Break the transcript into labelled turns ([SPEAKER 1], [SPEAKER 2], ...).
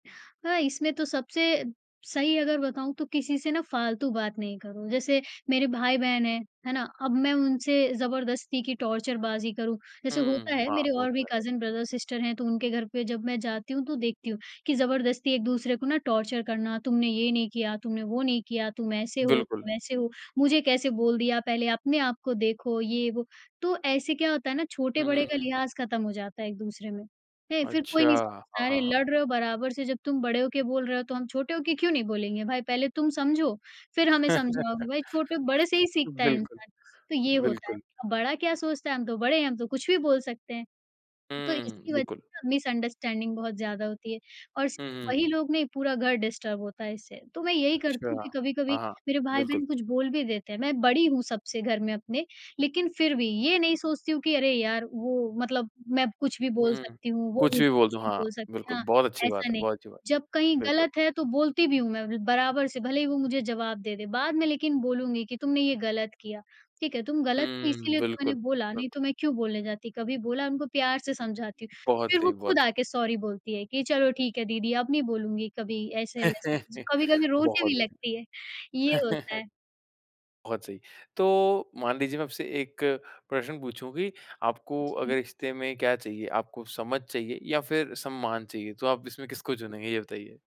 [SPEAKER 1] हाँ, इसमें तो सबसे, सही अगर बताऊँ तो किसी से ना फालतू बात नहीं करो, जैसे मेरे भाई-बहन हैं, है ना? अब मैं उनसे ज़बरदस्ती की टॉर्चर बाज़ी करूँ। जैसे होता
[SPEAKER 2] हुँ,
[SPEAKER 1] है
[SPEAKER 2] हाँ,
[SPEAKER 1] मेरे
[SPEAKER 2] वो
[SPEAKER 1] और
[SPEAKER 2] तो
[SPEAKER 1] भी
[SPEAKER 2] है।
[SPEAKER 1] कज़न ब्रदर-सिस्टर हैं तो उनके घर पे जब मैं जाती हूँ तो देखती हूँ, कि ज़बरदस्ती एक-दूसरे को ना टॉर्चर करना तुमने ये नहीं किया, तुमने वो नहीं किया। तुम ऐसे हो, तुम
[SPEAKER 2] बिल्कुल।
[SPEAKER 1] ऐसे हो, मुझे कैसे बोल दिया पहले अपने आपको देखो, ये-वो। तो ऐसे क्या होता है ना,
[SPEAKER 2] हुँ, हुँ,
[SPEAKER 1] छोटे-बड़े का
[SPEAKER 2] हुँ।
[SPEAKER 1] लिहाज़ ख़त्म हो जाता है एक-दूसरे में। है? फिर कोई
[SPEAKER 2] अच्छा।
[SPEAKER 1] नहीं
[SPEAKER 2] हाँ,
[SPEAKER 1] समझता है अरे!
[SPEAKER 2] हाँ, हाँ।
[SPEAKER 1] लड़ रहे हो बराबर से जब तुम बड़े हो के बोल रहे हो तो हम छोटे हो के क्यों नहीं बोलेंगे भाई? पहले तुम समझो, फिर हमें समझाओ कि भाई छोटो बड़े से ही सीखता है
[SPEAKER 2] बिल्कुल,
[SPEAKER 1] इंसान, तो ये होता है।
[SPEAKER 2] बिल्कुल।
[SPEAKER 1] अब बड़ा क्या सोचता है हम तो बड़े हैं, हम तो कुछ भी बोल सकते हैं, तो
[SPEAKER 2] हुँ,
[SPEAKER 1] इसकी वजह
[SPEAKER 2] बिल्कुल।
[SPEAKER 1] से मिसअंडरस्टैंडिंग बहुत ज़्यादा होती है और स
[SPEAKER 2] हुँ, हुँ,
[SPEAKER 1] वही
[SPEAKER 2] हुँ।
[SPEAKER 1] लोग नहीं, पूरा घर डिस्टर्ब होता है इससे। तो मैं यही करती हूँ
[SPEAKER 2] अच्छा।
[SPEAKER 1] कि कभी-कभी
[SPEAKER 2] हाँ,
[SPEAKER 1] मेरे
[SPEAKER 2] बिल्कुल।
[SPEAKER 1] भाई-बहन कुछ बोल भी देते हैं, मैं बड़ी हूँ सबसे घर में अपने लेकिन फिर भी ये नहीं सोचती हूँ कि अरे यार! वो मतलब मैं कुछ भी
[SPEAKER 2] हुँ,
[SPEAKER 1] बोल
[SPEAKER 2] हुँ।
[SPEAKER 1] सकती हूँ। वो
[SPEAKER 2] कुछ भी
[SPEAKER 1] मुझे
[SPEAKER 2] बोल
[SPEAKER 1] कुछ
[SPEAKER 2] दो
[SPEAKER 1] भी
[SPEAKER 2] हाँ,
[SPEAKER 1] बोल सकते
[SPEAKER 2] बिल्कुल
[SPEAKER 1] हाँ,
[SPEAKER 2] बहुत अच्छी बात
[SPEAKER 1] ऐसा
[SPEAKER 2] है
[SPEAKER 1] नहीं,
[SPEAKER 2] बहुत अच्छी बात
[SPEAKER 1] जब कहीं
[SPEAKER 2] है। बिल्कुल।
[SPEAKER 1] गलत है तो बोलती भी हूँ मैं उन्हें बराबर से भले ही वो मुझे जवाब दें दें बाद में लेकिन बोलूँगी कि, "तुमने ये गलत किया, ठीक है? तुम गलत थीं
[SPEAKER 2] हुँ,
[SPEAKER 1] इसीलिए तो मैंने
[SPEAKER 2] बिल्कुल,
[SPEAKER 1] बोला,
[SPEAKER 2] बिल्कुल।
[SPEAKER 1] नहीं तो मैं क्यों बोलने जाती, कभी बोला?" उनको प्यार से समझाती हूँ।
[SPEAKER 2] बहुत
[SPEAKER 1] फिर वो
[SPEAKER 2] सही,
[SPEAKER 1] खुद
[SPEAKER 2] बहुत सही।
[SPEAKER 1] आके सॉरी बोलती है कि, "चलो ठीक है, दीदी अब नहीं बोलूँगी कभी।" ऐसे-वैसे ज कभी-कभी रोने
[SPEAKER 2] बहुत
[SPEAKER 1] भी लगती है, ये होता
[SPEAKER 2] बढ़िया।
[SPEAKER 1] है।
[SPEAKER 2] बहुत सही। तो मान लीजिए मैं आपसे एक प्रश्न पूछूँ कि आपको अगर
[SPEAKER 1] जी।
[SPEAKER 2] रिश्ते में क्या चाहिए? आपको समझ चाहिए या फिर सम्मान चाहिए तो आप इसमें किसको चुनेंगे, ये बताइए?